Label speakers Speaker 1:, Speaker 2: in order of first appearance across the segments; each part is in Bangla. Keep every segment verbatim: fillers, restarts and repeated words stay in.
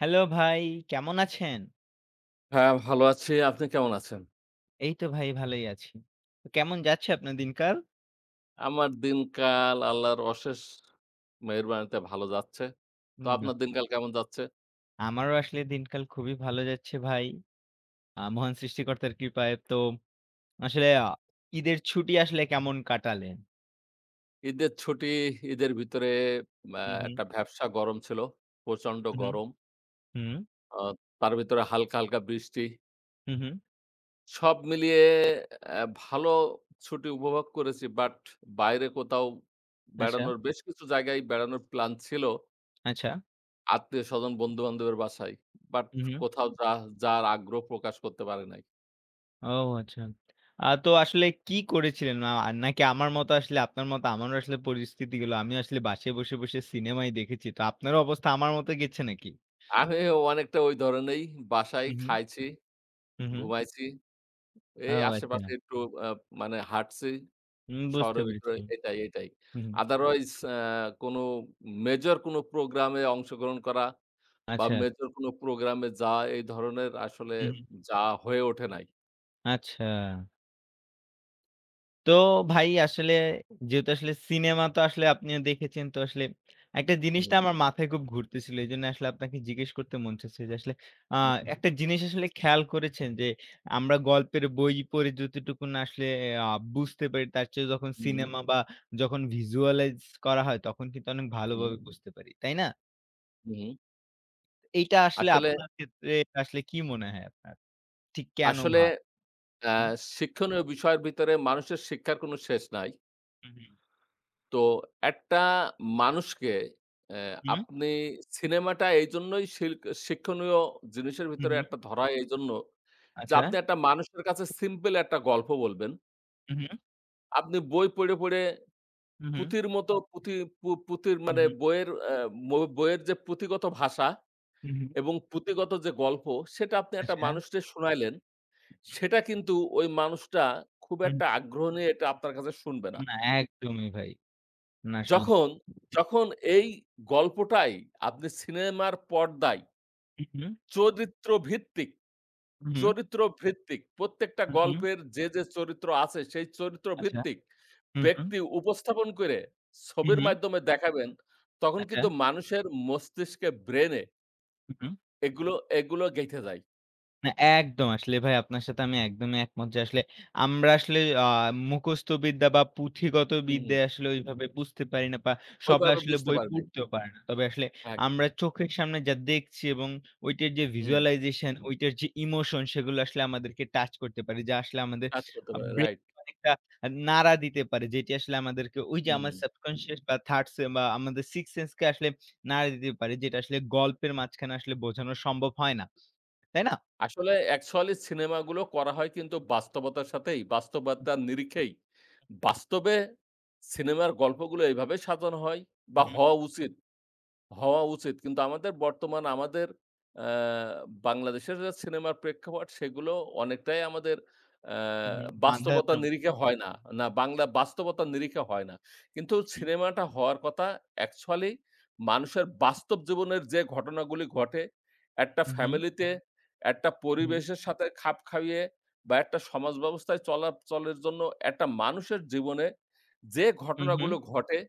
Speaker 1: হ্যালো ভাই, কেমন আছেন?
Speaker 2: হ্যাঁ, ভালো আছি। আপনি কেমন আছেন?
Speaker 1: এই তো ভাই, ভালোই আছি। কেমন যাচ্ছে আপনার দিনকাল?
Speaker 2: আমার দিনকাল আল্লাহর অশেষ মেহেরবানিতে, ভালো যাচ্ছে। তো
Speaker 1: হুম। বা
Speaker 2: আপনার দিনকাল কেমন যাচ্ছে?
Speaker 1: আমারও আসলে দিনকাল, খুবই ভালো যাচ্ছে ভাই, আ মহান সৃষ্টিকর্তার কৃপায়। তো আসলে আ ঈদের ছুটি আসলে কেমন কাটালেন?
Speaker 2: ঈদের ছুটি, ঈদের ভিতরে আ
Speaker 1: হুম, হুম।
Speaker 2: একটা ভ্যাপসা গরম ছিল। প্রচন্ড
Speaker 1: হু, হু।
Speaker 2: গরম
Speaker 1: হুম।
Speaker 2: অহ তার ভেতরে হালকা, হালকা বৃষ্টি
Speaker 1: হু, হু।
Speaker 2: সব মিলিয়ে এ ভালো ছুটি উপভোগ করেছি। বাট, বাইরে কোথাও
Speaker 1: আচ্ছা।
Speaker 2: বেড়ানোর, বেশ কিছু জায়গায় বেড়ানোর প্ল্যান ছিল
Speaker 1: আচ্ছা।
Speaker 2: আত্মীয়স্বজন, বন্ধুবান্ধবের বাসায়। বাট,
Speaker 1: হু, হু।
Speaker 2: কোথাও যা যার আগ্রহ প্রকাশ করতে পারে নাই।
Speaker 1: ও! আচ্ছা। আ তো আসলে কি করেছিলেন? না নাকি আমার মতো, আসলে আপনার মতো আমারও আসলে পরিস্থিতি গুলো। আমিও আসলে বাসায় বসে, বসে সিনেমায় দেখেছি। তো আপনার অবস্থা, আমার মতো গেছে নাকি?
Speaker 2: আরেহ অনেকটা ঐ ধরণেই। বাসায়
Speaker 1: হু, হু।
Speaker 2: খাইছি,
Speaker 1: হু, হু।
Speaker 2: ঘুমাইছি।
Speaker 1: ও!
Speaker 2: এই
Speaker 1: আচ্ছা।
Speaker 2: আশেপাশে একটু আ মানে হাঁটছি।
Speaker 1: হুম, বুঝতে
Speaker 2: শহরের ভিতরে
Speaker 1: পেরেছি।
Speaker 2: এটাই, এটাই।
Speaker 1: হু।
Speaker 2: আদারওয়াইস অ্যা কোনো, মেজর কোন প্রোগ্রামে অংশগ্রহণ করা বা
Speaker 1: আচ্ছা।
Speaker 2: মেজর কোন প্রোগ্রাম এ যায়, এই ধরণের আসলে
Speaker 1: হুম।
Speaker 2: যাওয়া হয়ে ওঠে নাই।
Speaker 1: আচ্ছা। তো ভাই আসলে যেহেতু আসলে সিনেমা তো আসলে আপনিও দেখেছেন তো আসলে একটা জিনিসটা
Speaker 2: হুম।
Speaker 1: আমার মাথায় খুব ঘুরতেছিল এইজন্য আসলে আপনাকে জিজ্ঞেস করতে মন চাচ্ছে। যে আসলে আ
Speaker 2: উম।
Speaker 1: একটা জিনিস আসলে খেয়াল করেছেন যে, আমরা গল্পের বই পড়ে যতটুকু না আসলে এ আ বুঝতে পারি, তার চেয়ে যখন
Speaker 2: হুম।
Speaker 1: সিনেমা বা যখন visualize করা হয়, তখন কিন্তু অনেক
Speaker 2: হুম।
Speaker 1: ভালোভাবে বুঝতে পারি। তাই না?
Speaker 2: হুম।
Speaker 1: এইটা আসলে
Speaker 2: আসলে
Speaker 1: আপনার ক্ষেত্রে এটা আসলে কি মনে হয় আপনার? ঠিক কেন
Speaker 2: আসলে
Speaker 1: হয়?
Speaker 2: আ
Speaker 1: হুম।
Speaker 2: শিক্ষণীয় বিষয়ের ভিতরে মানুষের শিক্ষার কোনো শেষ নাই।
Speaker 1: হুম, হুম।
Speaker 2: তো, একটা মানুষকে এ্যা
Speaker 1: হু, হুম।
Speaker 2: আপনি সিনেমাটা এইজন্যই শিল্ক শিক্ষণীয় জিনিসের
Speaker 1: হুম,
Speaker 2: ভিতরে
Speaker 1: হুম।
Speaker 2: একটা ধরা এইজন্য যে
Speaker 1: আচ্ছা।
Speaker 2: আপনি একটা মানুষের কাছে সিম্পল একটা গল্প বলবেন
Speaker 1: হুম, হুম।
Speaker 2: আপনি বই পইড়ে, পইড়ে
Speaker 1: হুম, হুম।
Speaker 2: পুঁথির মতো পুঁথি পু পুঁথির
Speaker 1: হুম,
Speaker 2: মানে
Speaker 1: হুম।
Speaker 2: বইয়ের আ ব বইয়ের যে পুঁথিগত ভাষা
Speaker 1: হুম, হুম।
Speaker 2: এবং পুঁথিগত যে গল্প, সেটা আপনি একটা
Speaker 1: আচ্ছা।
Speaker 2: মানুষরে শুনাইলেন।
Speaker 1: হু, হুম।
Speaker 2: সেটা কিন্তু ওই মানুষটা খুব
Speaker 1: হুম।
Speaker 2: একটা আগ্রহ নিয়ে এটা আপনার কাছে শুনবে না।
Speaker 1: না। একদমই ভাই। না, আসলে
Speaker 2: যখন
Speaker 1: হু, হু।
Speaker 2: যখন এই গল্পটাই আপনি সিনেমার পর্দায়
Speaker 1: হুম, হুম।
Speaker 2: চরিত্রভিত্তিক
Speaker 1: হু, হুম।
Speaker 2: চরিত্রভিত্তিক প্রত্যেকটা
Speaker 1: হু, হুম।
Speaker 2: গল্পের যে, যে চরিত্র আছে, সেই
Speaker 1: আচ্ছা।
Speaker 2: চরিত্রভিত্তিক
Speaker 1: হুম, হুম।
Speaker 2: ব্যক্তি উপস্থাপন কইরে
Speaker 1: হুম,
Speaker 2: ছবির
Speaker 1: হুম।
Speaker 2: মাইধ্যমে দেখাবেন, তখন কিন্তু
Speaker 1: আচ্ছা।
Speaker 2: মানুষের মস্তিষ্কে ব্রেইনে
Speaker 1: হু, হু।
Speaker 2: এগুলো, এগুলো গেঁথে যায়।
Speaker 1: না একদম, আসলে ভাই আপনার সাথে আমি একদমই একমত যে আসলে আমরা আসলে আ মুখস্থ বিদ্যা বা পুঁথিগত
Speaker 2: হুম, হুম।
Speaker 1: বিদ্যায় আসলে ওইভাবে বুঝতে পারি না, বা
Speaker 2: ওই
Speaker 1: সবাই
Speaker 2: বাবে
Speaker 1: আসলে
Speaker 2: বুঝতে
Speaker 1: বই
Speaker 2: পারবে নাই।
Speaker 1: পড়তেও পারে না। তবে আসলে
Speaker 2: এগ
Speaker 1: আমরা চোখের সামনে যা দেখছি এবং ঐটার যে
Speaker 2: হুম।
Speaker 1: visualization ঐটার যে ইমোশন, সেগুলো আসলে আমাদেরকে টাচ করতে পারে। যা আসলে আমাদের
Speaker 2: কাজ করতে
Speaker 1: আ
Speaker 2: পারে রাইট।
Speaker 1: ব্রেইনে একটা আ নাড়া দিতে পারে, যেটি আসলে আমাদেরকে ওই যে আমার
Speaker 2: উম
Speaker 1: subconscious বা থার্ড সে বা আমাদের সিক্সথ সেন্স কে আসলে নাড়া দিতে পারে, যেটা আসলে গল্পের মাঝখানে আসলে বোঝানো সম্ভব হয় না। তাই না?
Speaker 2: আসলে অ্যাকচুয়ালি সিনেমা গুলো করা হয় কিন্তু বাস্তবতার সাথেই, বাস্তবতার নিরিখেই। বাস্তবে সিনেমার গল্পগুলো এভাবে সাধন হয় বা
Speaker 1: হু, হু।
Speaker 2: হওয়া উচিত, হওয়া উচিত। কিন্তু আমাদের বর্তমানে আমাদের অ্যা বাংলাদেশের যা সিনেমার প্রেক্ষাপট, সেগুলো অনেকটাই আমাদের আ
Speaker 1: হু,
Speaker 2: বাস্তবতার
Speaker 1: হু। [unintelligible]
Speaker 2: নিরিখে হয় না, না বাংলা বাস্তবতার নিরিখে হয় না। কিন্তু
Speaker 1: উহুম।
Speaker 2: সিনেমাটা হওয়ার কতা অ্যাকচুয়ালি মানুষের বাস্তব জীবনের যে ঘটনা গুলি ঘটে, একটা
Speaker 1: হু, হু।
Speaker 2: ফ্যামিলি তে, একটা
Speaker 1: হু, হু।
Speaker 2: পরিবেশের সাথে খাপ খাউয়ে বা একটা সমাজ ব্যবস্থায় চলাচলের জন্য একটা মানুষের জীবনে যে ঘটনাগুলো
Speaker 1: উহু।
Speaker 2: ঘটে,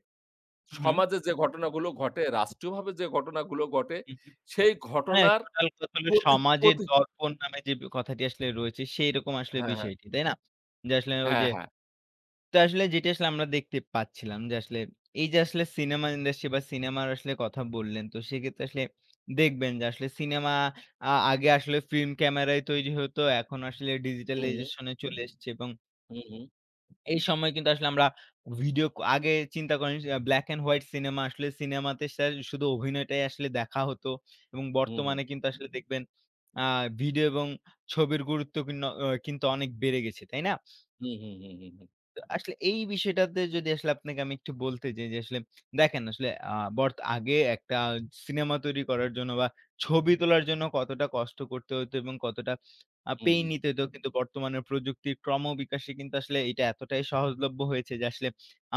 Speaker 1: উহু।
Speaker 2: সমাজে যে ঘটনাগুলো ঘটে, রাষ্ট্রীয়ভাবে যে ঘটনাগুলো গটে,
Speaker 1: উহু।
Speaker 2: সেই
Speaker 1: হ্যাঁ,
Speaker 2: ঘটনার
Speaker 1: টোটাল কথা হল
Speaker 2: প্রতি
Speaker 1: সমাজের
Speaker 2: প্রতি
Speaker 1: দর্পণ নামে যে ব্যা কথাটি আসলে রয়েছে, সেইরকম আসলে
Speaker 2: হ্যাঁ, হ্যাঁ।
Speaker 1: বিষয়টি তাই না? যে আসলে ওই
Speaker 2: হ্যাঁ,
Speaker 1: যে
Speaker 2: হ্যাঁ।
Speaker 1: তো আসলে যেটি আসলে আমরা দেখতে পাচ্ছিলাম যে আসলে এই যে আসলে সিনেমা ইন্ডাস্ট্রি বা সিনেমার আসলে কথা বললেন তো সেক্ষেত্রে আসলে দেখবেন যে আসলে সিনেমা আ আগে আসলে ফিল্ম ক্যামেরাই তৈরি হত। এখন আসলে
Speaker 2: উম
Speaker 1: digitalization এ চলে এসছে এবং
Speaker 2: হুঁ, হুঁ।
Speaker 1: এই সময় কিন্তু আসলে আমরা ভিডিও ক আগে চিন্তা করেন black and white সিনেমা আসলে সিনেমাতে স্যার শুধু অভিনয়টাই আসলে দেখা হতো। এবং
Speaker 2: হু, হু।
Speaker 1: বর্তমানে কিন্তু আসলে দেখবেন আ ভিডিও এবং ছবির গুরুত্ব ভিন্ন অ কিন্তু অনেক বেড়ে গেছে। তাই না?
Speaker 2: হু, হু, হু, হু, হু।
Speaker 1: ত আসলে এই বিষয়টাতে যদি আসলে আপনাকে আমি একটু বলতে যাই যে, আসলে দেখেন আসলে আ বরতো আগে একটা সিনেমা তৈরি করার জন্য বা, ছবি তোলার জন্য কতটা কষ্ট করতে হইতো এবং কতটা আ
Speaker 2: হু,
Speaker 1: পেইন
Speaker 2: হু।
Speaker 1: নিতে হইতো। কিন্তু বর্তমানের প্রযুক্তির ক্রমবিকাশে কিন্তু আসলে এটা এতটাই সহজলভ্য হয়েছে। যে আসলে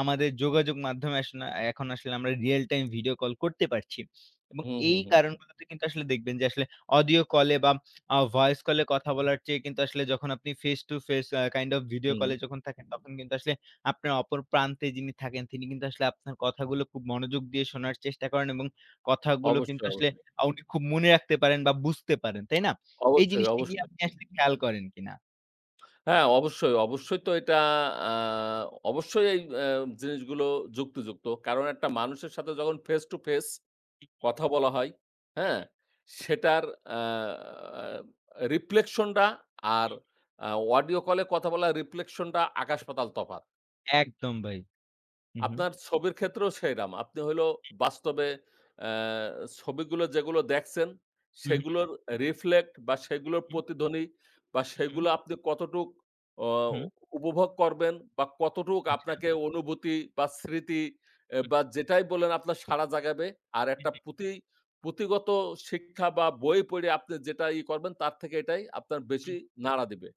Speaker 1: আমাদের যোগাযোগ মাধ্যমে য়াস্না এখন আসলে আমরা real time video call করতে পারছি। এবং
Speaker 2: হু, হু,
Speaker 1: এই
Speaker 2: হু।
Speaker 1: কারণগুলোতে কিন্তু আসলে দেখবেন যে আসলে অডিও কলে বা, আ ভয়েস কলে কথা বলার চেয়ে কিন্তু আসলে যখন আপনি face to face, a kind of video call
Speaker 2: হুম।
Speaker 1: এ যখন থাকেন, তখন কিন্তু আসলে আপনার অপর প্রান্তে যিনি থাকেন, তিনি কিন্তু আসলে আপনার কথাগুলো খুব মনোযোগ দিয়ে শোনার চেষ্টা করেন। এবং কথাগুলো
Speaker 2: অবশ্যই,
Speaker 1: কিন্তু আসলে
Speaker 2: অবশ্যই।
Speaker 1: আ উনি খুব মনে রাখতে পারেন বা, বুঝতে পারেন। তাই না? এই
Speaker 2: অবশ্যই,
Speaker 1: জিনিসটি গিয়ে
Speaker 2: অবশ্যই।
Speaker 1: আপনি আসলে খেয়াল করেন কিনা?
Speaker 2: হ্যাঁ। অবশ্যই, অবশ্যই। তো এইটা আ অবশ্যই এই এ্যা জিনিসগুলো যুক্তিযুক্ত। কারণ, একটা মানুষের সাথে যখন face to face
Speaker 1: হু, হু।
Speaker 2: কথা বলা হয়।
Speaker 1: হু,
Speaker 2: হ্যাঁ?
Speaker 1: হু।
Speaker 2: সেটার আ আ রিপ্লেকশন্ডা আর
Speaker 1: হু।
Speaker 2: আ অডিও কলে কথা বলার রিপ্লেকশন্ডা আকাশ-পাতাল তফাত।
Speaker 1: একদম ভাই। হু, হু।
Speaker 2: আপনার ছবির ক্ষেত্রেও সেইরাম। আপনি হইলো
Speaker 1: হুম।
Speaker 2: বাস্তবে অ্যা ছবিগুলো যেগুলো দেখছেন,
Speaker 1: হুম, হুম।
Speaker 2: সেগুলোর রিফ্লেক্ট বা সেগুলোর
Speaker 1: উহুম।
Speaker 2: প্রতিধ্বনি বা
Speaker 1: হুম।
Speaker 2: সেগুলো আপনি কতটুক অ
Speaker 1: হুম।
Speaker 2: উপভোগ করবেন বা কতটুক
Speaker 1: আচ্ছা।
Speaker 2: আপনাকে অনুভূতি বা স্মৃতি এ
Speaker 1: হুম।
Speaker 2: বা যেটাই বললেন, আপনার সাড়া জাগাবে। আর
Speaker 1: হুম,
Speaker 2: একটা
Speaker 1: হুম।
Speaker 2: পুঁথি পুঁথিগত শিক্ষা বা বই পইড়া, আপনি যেটা ইয়ে করবেন, তার থেকে এটাই আপনার
Speaker 1: হুম।
Speaker 2: বেশি নাড়া দিবে।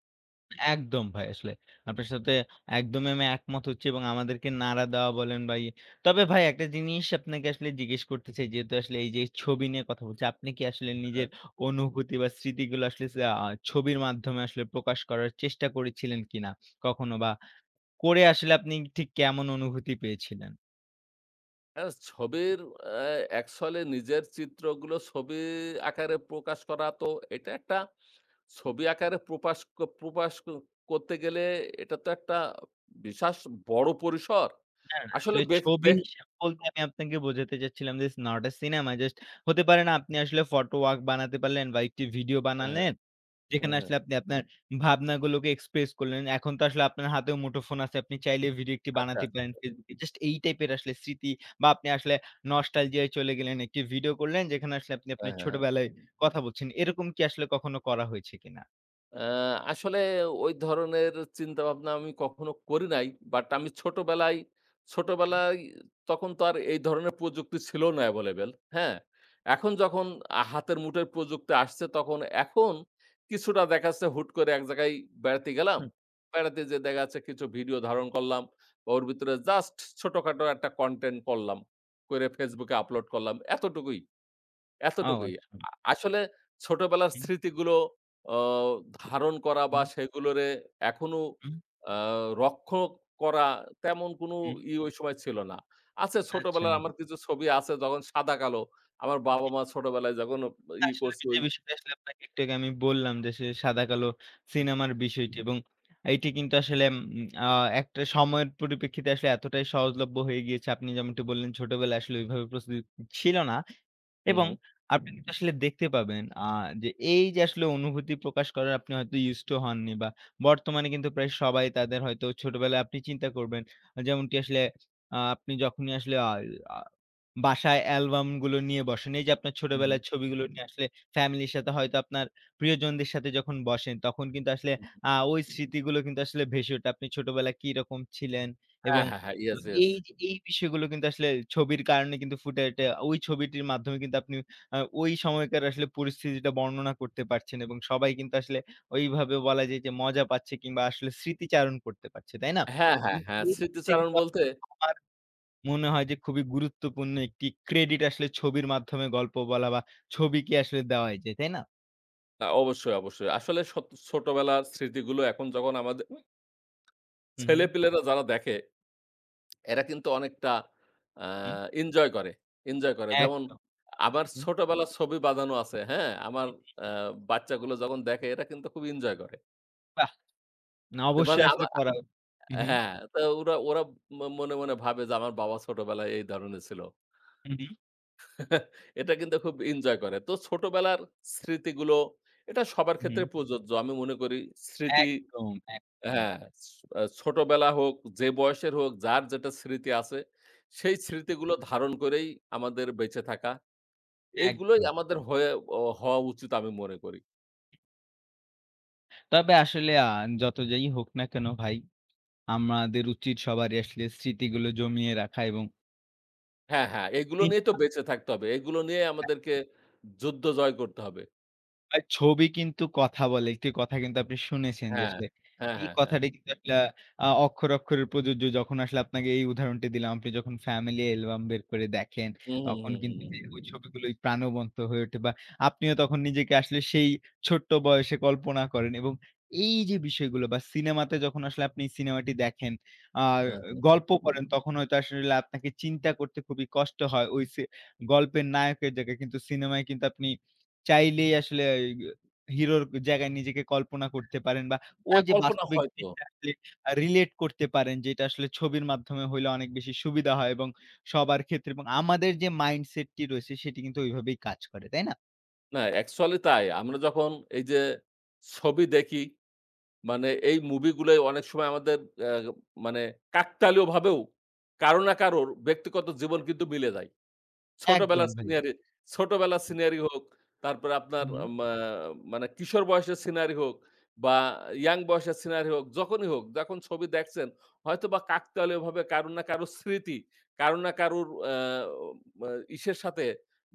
Speaker 1: একদম ভাই আসলে। আপনার সাথে একদমই আমি একমত হচ্ছি এবং আমাদেরকে নাড়া দেওয়া বলেন ভাই। তবে ভাই একটা জিনিস আপনাকে আসলে জিজ্ঞেস করতে চাই, যেহেতু আসলে এই যে ছবি নিয়ে কথা বলছি। আপনি কি আসলে
Speaker 2: হ্যাঁ।
Speaker 1: নিজের অনুভূতি বা স্মৃতিগুলো আসলে, সা আ ছবির মাধ্যমে আসলে প্রকাশ করার চেষ্টা করেছিলেন কিনা কখনো? বা করে আসলে আপনি ঠিক, কেমন অনুভূতি পেয়েছিলেন?
Speaker 2: হ্যাঁ, ছবির অ্যা একছলি নিজের চিত্রগুলো, ছবি আকারে প্রকাশ করা। তো এটা একটা, ছবি আকারে প্রপাশ ক প্রপাশ করতে গেলে, এটা তো একটা বিশাশ বড় পরিসর।
Speaker 1: না, না।
Speaker 2: আসলে
Speaker 1: আসলে
Speaker 2: বেক
Speaker 1: ছবি
Speaker 2: বে
Speaker 1: হিসেব বলতে আমি আপনাকে বোঝাতে চাচ্ছিলাম, it's not a cinema, just হতে পারে না? আপনি আসলে ফটো ওয়ার্ক বানাতে পারলেন বা একটি ভিডিও
Speaker 2: হ্যাঁ, হ্যাঁ।
Speaker 1: বানালেন।
Speaker 2: হুম,
Speaker 1: যেখানে
Speaker 2: হুম।
Speaker 1: আসলে আপনি আপনার ভাবনাগুলোকে এক্সপ্রেস করলেন। এখন তো আসলে আপনার হাতেও মুঠোফোন আছে। আপনি চাইলে ভিডিও একটি
Speaker 2: আচ্ছা,
Speaker 1: বানাতে প্লান,
Speaker 2: আচ্ছা।
Speaker 1: Facebook এ। জাস্ট এই টাইপের আসলে স্মৃতি বা আপনি আসলে নস্টালজিয়া -য় চলে গেলেন. একটি ভিডিও করলেন যেখানে, আসলে আপনি
Speaker 2: হ্যাঁ,
Speaker 1: আপনার
Speaker 2: হ্যাঁ।
Speaker 1: ছোটবেলায় কথা বলছেন। এরকম কি আসলে কখনো করা হয়েছে কিনা?
Speaker 2: অ্যা আসলে ওই ধরনের চিন্তা ভাবনা আমি কখনো করি নাই। বাট আমি ছোটবেলায়
Speaker 1: হুম।
Speaker 2: ছোটবেলায় তখন তো আর এই ধরনের প্রযুক্তি ছিল না এভেইলেবেল হ্যাঁ? এখন যখন আ হাতের মুঠোয় প্রযুক্তি আসছে, তখন এখন কিছুটা দেখা যাচ্ছে হুট করে এক জায়গায় বেড়াতে গেলাম।
Speaker 1: হুম।
Speaker 2: বেড়াতে যেয়ে দেখা যাচ্ছে কিছু ভিডিও ধারণ করলাম। ওর ভিতরে জাস্ট ছোটখাটো একটা content করলাম। করে Facebook এ আপলোড করলাম। এতটুকুই
Speaker 1: ও,
Speaker 2: এতটুকুই।
Speaker 1: আচ্ছা।
Speaker 2: আ আসলে ছোটবেলার
Speaker 1: হুম।
Speaker 2: স্মৃতিগুলো অ ধারণ
Speaker 1: উ
Speaker 2: করা বা,
Speaker 1: হুম।
Speaker 2: সেগুলোরে এখনো
Speaker 1: হুম।
Speaker 2: আ রক্ষণ করা, তেমন কোন
Speaker 1: হুম।
Speaker 2: ইয়ে ঐ সময় ছিল না। আছে,
Speaker 1: আচ্ছা।
Speaker 2: ছোটবেলায় আমার কিছু ছবি আছে। যখন সাদা কালো আমার
Speaker 1: উ
Speaker 2: বাবা
Speaker 1: উম।
Speaker 2: মা ছোটবেলায় যখন ইয়ে
Speaker 1: আসলে
Speaker 2: করছে,
Speaker 1: যে
Speaker 2: ওই
Speaker 1: বিষয়টা আসলে আপনাকে একটু আগে আমি বললাম যে, সে সাদাকালো
Speaker 2: আচ্ছা।
Speaker 1: সিনেমার বিষয়টি এবং এটি কিন্তু আসলে উম অ্যা একটা সময়ের পরিপ্রেক্ষিতে আসলে এতটাই সহজলভ্য হয়ে গিয়েছে। আপনি যেমনটি বললেন ছোটবেলায় আসলে ওইভাবে প্রস্তুতি উ ছিল না।
Speaker 2: হু,
Speaker 1: এবং
Speaker 2: হু।
Speaker 1: আপনি কিন্তু আসলে দেখতে পাবেন, অ্যা যে এইযে আসলে অনুভূতি প্রকাশ করার আপনি হয়তো used to হননি বা, বর্তমানে কিন্তু প্রায় সবাই তাদের হয়তো ছোটবেলায় আপনি চিন্তা করবেন। আ যেমনটি আসলে আ আপনি যখনই আসলে অ্যা অ্যা বাসায় অ্যালবামগুলো নিয়ে বসেন। এইযে আপনার
Speaker 2: হু, হু।
Speaker 1: ছোটবেলায় ছবিগুলো নিয়ে আসলে ফ্যামিলির সাথে হয়তো আপনার প্রিয়জনদের সাথে যখন বসেন, তখন কিন্তু আসলে
Speaker 2: হুম, হুম।
Speaker 1: আ ওই স্মৃতিগুলো কিন্তু আসলে ভেসে ওঠে আপনি ছোটবেলায় কিরকম ছিলেন?
Speaker 2: হ্যাঁ,
Speaker 1: এবং
Speaker 2: হ্যাঁ, হ্যাঁ।
Speaker 1: অ
Speaker 2: ইয়েস, ইয়েস।
Speaker 1: এইযে এই বিষয়গুলো কিন্তু আসলে ছবির কারণে কিন্তু ফুটে উঠে, ঐ ছবিটির মাধ্যমে কিন্তু আপনি ওই সময়কার আসলে পরিস্থিতিটা বর্ণনা করতে পারছেন। এবং সবাই কিন্তু আসলে ওইভাবে বলা যায় যে, মজা পাচ্ছে কিংবা আসলে স্মৃতিচারণ করতে পারছে। তাই না?
Speaker 2: হ্যাঁ, হ্যাঁ,
Speaker 1: কিন্তু
Speaker 2: হ্যাঁ।
Speaker 1: এই জিনিস্টা
Speaker 2: স্মৃতিচারণ
Speaker 1: কিন্তু
Speaker 2: বলতে
Speaker 1: [unintelligible] আমার মনে হয় যে খুবই গুরুত্বপূর্ণ একটি ক্রেডিট আসলে ছবির মাধ্যমে গল্প বলা বা, ছবিকে আসলে দেওয়াই যায়, তাই না?
Speaker 2: আ অবশ্যই, অবশ্যই। আসলে সত ছোটবেলার স্মৃতিগুলো এখন যখন আমাদে
Speaker 1: হুম, হুম।
Speaker 2: ছেলেপেলেরা যারা দেখে। এরা কিন্তু অনেকটা অ্যা
Speaker 1: হুম।
Speaker 2: এনজয় করে, এনজয় করে। যেমন
Speaker 1: একদম।
Speaker 2: আমার
Speaker 1: হুম।
Speaker 2: ছোটবেলার ছবি বাজানো আছে, হ্যাঁ? আমার অ্যা বাচ্চাগুলো যখন দেখে, এরা কিন্তু খুব এনজয় করে
Speaker 1: বাহ!
Speaker 2: তে বানে
Speaker 1: অবশ্যই
Speaker 2: আবা
Speaker 1: আসলে করাও হুম, হুম।
Speaker 2: হ্যাঁ। তো ওরা ওরা মনে, মনে ভাবে যে, আমার বাবা ছোটবেলায় এই ধরনের ছিল
Speaker 1: হুম, হুম।
Speaker 2: এটা কিন্তু খুব এনজয় করে। তো ছোটবেলার স্মৃতিগুলো, এটা সবার ক্ষেত্রে
Speaker 1: হুম।
Speaker 2: প্রযোজ্য। আমি মনে করি স্মৃতি
Speaker 1: একদম, একদম।
Speaker 2: হ্যাঁ, হ্যাঁ। সি আ ছোটবেলা হোক, যে বয়সের হোক, যার যেটা স্মৃতি আছে, সেই স্মৃতিগুলো ধারণ করেই আমাদের বেঁচে থাকা। এইগুলোই
Speaker 1: একদম।
Speaker 2: আমাদের হয়ে অ হওয়া উচিত, আমি মনে করি।
Speaker 1: তবে আসলে আ যত যাই হোক না কেন ভাই, আমাদের উচিত সবারই আসলে স্মৃতিগুলো জমিয়ে রাখা এবং
Speaker 2: হ্যাঁ, হ্যাঁ। এগুলো
Speaker 1: দি
Speaker 2: নিয়ে তো বেঁচে থাকতে হবে। এগুলো নিয়ে
Speaker 1: অ্যা
Speaker 2: আমাদেরকে, যুদ্ধ জয় করতে হবে।
Speaker 1: ভাই ছবি কিন্তু কথা বলে। একটি কথা কিন্তু আপনি শুনেছেন। যে
Speaker 2: হ্যাঁ।
Speaker 1: আসলে,
Speaker 2: হ্যাঁ,
Speaker 1: এই
Speaker 2: হ্যাঁ, হ্যাঁ।
Speaker 1: কথাটা কিন্তু আসলে আ আ অক্ষরে, অক্ষরে প্রযোজ্য। যখন আসলে আপনাকে এই উদাহরণটা দিলাম। আপনি যখন ফ্যামিলি অ্যালবাম বের করে দেখেন।
Speaker 2: হুম, হুম,
Speaker 1: তখন
Speaker 2: হুম, হুম,
Speaker 1: কিন্তু
Speaker 2: হুম।
Speaker 1: ওই ছবিগুলোই প্রাণবন্ত হয়ে ওঠে বা আপনিও তখন নিজেকে আসলে সেই, ছোট্ট বয়সে কল্পনা করেন। এবং এই যে বিষয়গুলো বা সিনেমাতে যখন আসলে, আপনি সিনেমাটি দেখেন। আ
Speaker 2: হ্যাঁ, হ্যাঁ।
Speaker 1: গল্প পড়েন, তখন হয়তো আসলে আপনাকে চিন্তা করতে খুবই কষ্ট হয়, হইসে। গল্পের নায়কের জায়গায়, কিন্তু সিনেমায় কিন্তু আপনি চাইলেই আসলে এগ হিরোর জায়গায় নিজেকে কল্পনা করতে পারেন বা ওই
Speaker 2: হ্যাঁ,
Speaker 1: যে
Speaker 2: কল্পনা
Speaker 1: বাস্তবিক
Speaker 2: হয়তো।
Speaker 1: জিনিসটা আসলে, আ রিলেট করতে পারেন যে, এটা আসলে ছবির মাধ্যমে হইলে অনেক বেশি সুবিধা হয়। এবং সবার ক্ষেত্রে এবং আমাদের যে মাইন্ডসেট টি রয়েছে, সেটি কিন্তু ঐভাবেই কাজ করে। তাই না?
Speaker 2: না, অ্যাকচুয়ালি তাই। আমরা যখন এইযে ছবি দেখি, মানে এই মুভিগুলো অনেক সময় আমাদের আ মানে কাকতালীয়ভাবেও কারো না কারোর ব্যক্তিগত জীবন কিন্তু মিলে যায়।
Speaker 1: একদম
Speaker 2: ছোটবেলার
Speaker 1: ভাই।
Speaker 2: scenery ছোটবেলার
Speaker 1: উ
Speaker 2: scenery হোক। তারপরে আপনার
Speaker 1: হুম।
Speaker 2: য়া মা মানে কিশোর বয়সের scenery হোক বা, young বয়সের scenery হোক, যখনই হোক, যখন ছবি দেখছেন, হয়তোবা কাকতালীয়ভাবে কারো না কারো স্মৃতি, কারো না কারোর আ আম অ ইসের সাথে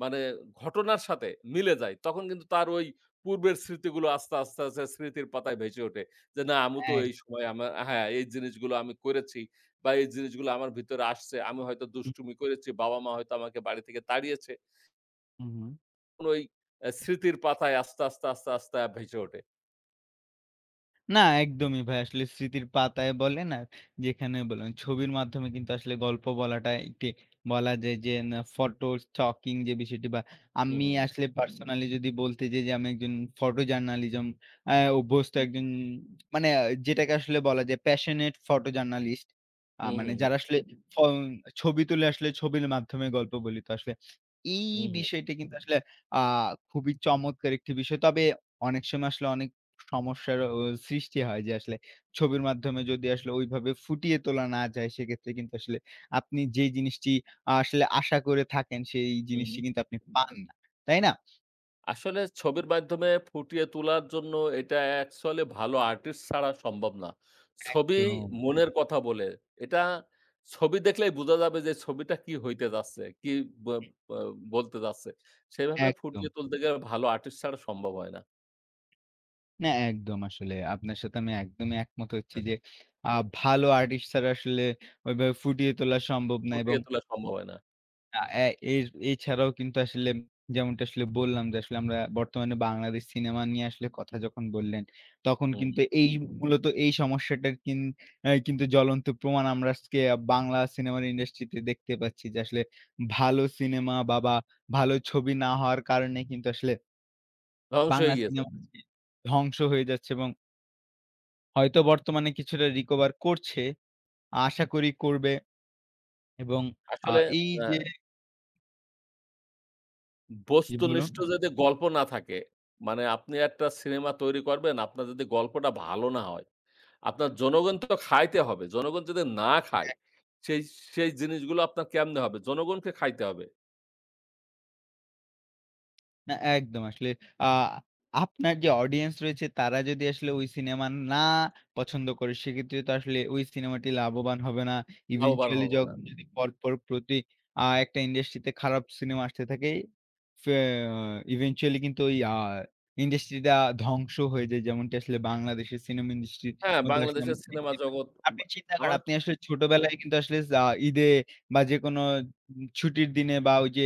Speaker 2: মানে ঘটনার সাথে মিলে যায়। তখন কিন্তু তার ঐ পূর্বের স্মৃতিগুলো আস্তে, আস্তে, আস্তে স্মৃতির পাতায় ভেসে ওঠে। যে, না, "আমি তো
Speaker 1: এক
Speaker 2: এই সময় আমার" হ্যাঁ, "এই জিনিসগুলো আমি করেছি বা, এই জিনিসগুলো আমার ভিতরে আসছে। আমি হয়তো
Speaker 1: হু।
Speaker 2: দুষ্টুমি করেছি, বাবা-মা হয়তো আমাকে বাড়ি থেকে তাড়িয়েছে।"
Speaker 1: হু, হু।
Speaker 2: তখন ওই স্মৃতির পাতায় আস্তে, আস্তে, আস্তে, আস্তে আ ভেসে
Speaker 1: হু।
Speaker 2: ওঠে।
Speaker 1: না, একদমই ভাই। আসলে স্মৃতির পাতায় বলেন আর যেখানে বলেন, ছবির মাধ্যমে কিন্তু আসলে গল্প বলাটা একটি বলা যায় যে, না photo stocking যে বিষয়টি বা,
Speaker 2: হু,
Speaker 1: আমি
Speaker 2: হু।
Speaker 1: আসলে পার্সোনালি যদি বলতে যাই যে, আমি একজন photo journalism আ অভ্যস্ত
Speaker 2: হু।
Speaker 1: একজন মানে আ যেটাকে আসলে বলা যায় passionate photo journalist। আ
Speaker 2: হু, হু,
Speaker 1: মানে
Speaker 2: হু।
Speaker 1: যারা আসলে ফ ছবি তুলে, আসলে ছবির মাধ্যমে গল্প বলি তো আসলে। এই
Speaker 2: হু, হু।
Speaker 1: বিষয়টা কিন্তু আসলে আ খুবই চমৎকার একটি বিষয়। তবে অনেক সময় আসলে অনেক সমস্যার অ সৃষ্টি হয় যে, আসলে ছবির মাধ্যমে যদি আসলে ওইভাবে ফুটিয়ে তোলা না যায়, সেক্ষেত্রে কিন্তু আসলে আপনি যে জিনিসটি আ আসলে আশা করে থাকেন, সেই
Speaker 2: হু, হু।
Speaker 1: জিনিসটি কিন্তু আপনি পান না। তাই না?
Speaker 2: আসলে ছবির মাধ্যমে ফুটিয়ে তোলার জন্য এটা অ্যাকচুয়ালি ভালো আর্টিস্ট ছাড়া সম্ভব না। ছবি
Speaker 1: একদম।
Speaker 2: মনের কথা বলে এটা ছবি দেখলেই বোঝা যাবে যে ছবিটা কি হইতে যাচ্ছে, কি বো
Speaker 1: হু।
Speaker 2: আ আ বলতে যাচ্ছে। সেভাবে ফুটিয়ে
Speaker 1: একদম।
Speaker 2: তুলতে গে ভালো আর্টিস্ট ছাড়া সম্ভব অয় না।
Speaker 1: না একদম আসলে। আপনার সাথে আমি একদমই একমত হচ্ছি
Speaker 2: হ্যাঁ,
Speaker 1: যে
Speaker 2: তো।
Speaker 1: আ ভালো আর্টিস্ট ছাড়া আসলে ওইভাবে ফুটিয়ে তোলা সম্ভব না এবং
Speaker 2: ফুটিয়ে তোলা সম্বব অয় না।
Speaker 1: আ এ এর এছাড়াও কিন্তু আসলে যেমনটা আসলে বললাম, যে আসলে আমরা বর্তমানে বাংলাদেশ সিনেমা নিয়ে আসলে কথা যখন বললেন, তখন
Speaker 2: হু,
Speaker 1: কিন্তু
Speaker 2: হু।
Speaker 1: এই মূলত এই সমস্যাটার কিন অ্যা কিন্তু জ্বলন্ত প্রমাণ আমরা আচকে বাংলা সিনেমার ইন্ডাস্ট্রিতে দেখতে পাচ্ছি, যে আসলে ভালো সিনেমা বা, বা ভালো ছবি না হওয়ার কারণে কিন্তু আসলে
Speaker 2: ধ্বংস হয়ে
Speaker 1: বাংলা
Speaker 2: গিয়েছে।
Speaker 1: সিনেমা আজকে ধ্বংস হয়ে যাচ্ছে এবং হয়তো বর্তমানে কিছুটা রিকভার করছে, আশা করি করবে এবং আ
Speaker 2: আসলে
Speaker 1: এই
Speaker 2: অ্যা
Speaker 1: যে জি,
Speaker 2: বস্তু
Speaker 1: বলুন।
Speaker 2: নিষ্ট যদি গল্প না থাকে মানে আপনি একটা সিনেমা তৈরি করবেন আপনার যদি গল্পটা ভালো না হয়। আপনার
Speaker 1: উম
Speaker 2: জনগণ তো খাইতে হবে। জনগণ যদি না খায়
Speaker 1: অ্যা
Speaker 2: সেই, সেই জিনিসগুলো আপনার কেমনে হবে জনগণকে খাইতে হবে।
Speaker 1: না। একদম আসলে আ আপনার যে অডিয়েন্স রয়েছে তারা যদি আসলে ওই সিনেমা না পছন্দ করে। সেক্ষেত্রে তো আসলে ওই সিনেমাটি লাভবান হবে না।
Speaker 2: লাভবান
Speaker 1: eventually
Speaker 2: হব
Speaker 1: য
Speaker 2: না।
Speaker 1: যদি পরপর প্রতি আ একটা ইন্ডাস্ট্রি তে খারাপ সিনেমা আসতে থাকে। ফে eventually কিন্তু ওই আ ইন্ডাস্ট্রিটা ধ্বংস হয়ে যায়। যেমনটি আসলে বাংলাদেশের সিনেমা ইন্ডাস্ট্রির
Speaker 2: হ্যাঁ,
Speaker 1: মধ্যে আসলে
Speaker 2: বাংলাদেশের
Speaker 1: আমরা
Speaker 2: সিনেমা
Speaker 1: দেখতে পাই।
Speaker 2: জগৎ বা
Speaker 1: আপনি চিন্তা
Speaker 2: আমা
Speaker 1: করেন, আপনি আসলে ছোটবেলায় কিন্তু আসলে যা ঈদে বা যেকোনো উম ছুটির দিনে বা ওই যে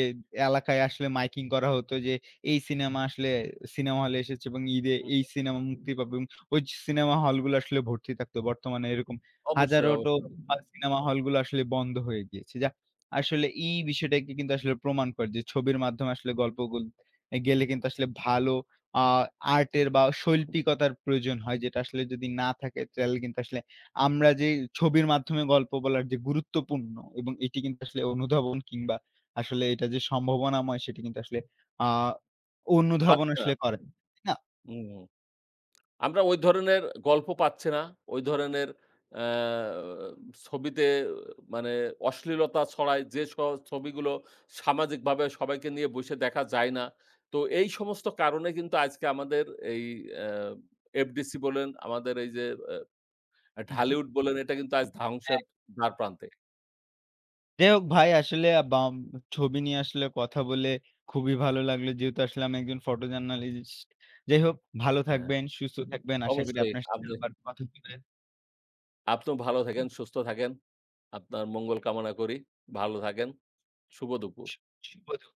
Speaker 1: এলাকায় আসলে মাইকিং করা হতো। যে এই সিনেমা আসলে সিনেমা হলে এসেচে এবং ঈদে
Speaker 2: হুম।
Speaker 1: এই সিনেমা মুক্তি পাবং। অইজ সিনেমা হলগুলা আসলে ভর্তি থাকত। বর্তমানে এরকম
Speaker 2: অবশ্যই,
Speaker 1: হাজারোটো
Speaker 2: অবশ্যই।
Speaker 1: ভাল সিনেমা হলগুলো আসলে বন্ধ হয়ে গিয়েছে। যাহ আসলে এই বিষয়টাকে কিন্তু আসলে প্রমাণ করে। যে ছবির মাধ্যম আসলে গল্পগুলো, গেলে কিন্তু আসলে ভালো আ আর্টের বা শৈল্পিকতার প্রয়োজন হয়। যেটা আসলে যদি না থাকে চাইলে কিন্তু আসলে আমরা যেই ছবির মাধ্যমে গল্প বলার যে গুরুত্বপূর্ণ এবং এটি কিন্তু আসলে অনুধাবন কিংবা আসলে এটা যে সম্ভাবনাময় সেটি কিন্তু আসলে আ অনুধাবন
Speaker 2: পাচ্ছে না।
Speaker 1: আসলে করে। তাই না?
Speaker 2: উহু, আমরা ওই ধরনের গল্প পাচ্ছি না, ওই ধরনের আ ছবিতে মানে অশ্লীলতা ছড়ায়। যে স ছবিগুলো সামাজিক বাবে সবাইকে নিয়ে বইসে দেখা যায় না। তো এই সমস্ত কারণে কিন্তু আইজকে আমাদের এই আ এফডিসি বলেন, আমাদের এই যে আ
Speaker 1: হুম, হুম।
Speaker 2: ঢালিউড বলেন এটা কিন্তু আজ
Speaker 1: অ্যা
Speaker 2: ধাংশের দ্বারপ্রান্তে।
Speaker 1: যাই হোক ভাই আসলে আব আম ছবি নিয়ে আসলে কথা বলে খুবই ভালো লাগলো। যেহেতু আসলে আমি একজন photojournalist যাই হোক ভালো
Speaker 2: হ্যাঁ, হ্যাঁ।
Speaker 1: থাকবেন, সুস্থ থাকবেন। আশা করি
Speaker 2: অবশ্যই
Speaker 1: আপনার সাথে
Speaker 2: আমনে
Speaker 1: আবার কথা হবে।
Speaker 2: আপনিও ভালো থাকেন। সুস্থ থাকেন। আপনার মঙ্গল কামনা করি ভালো থাকেন। শুভ দুপুর।
Speaker 1: শু শুভ দু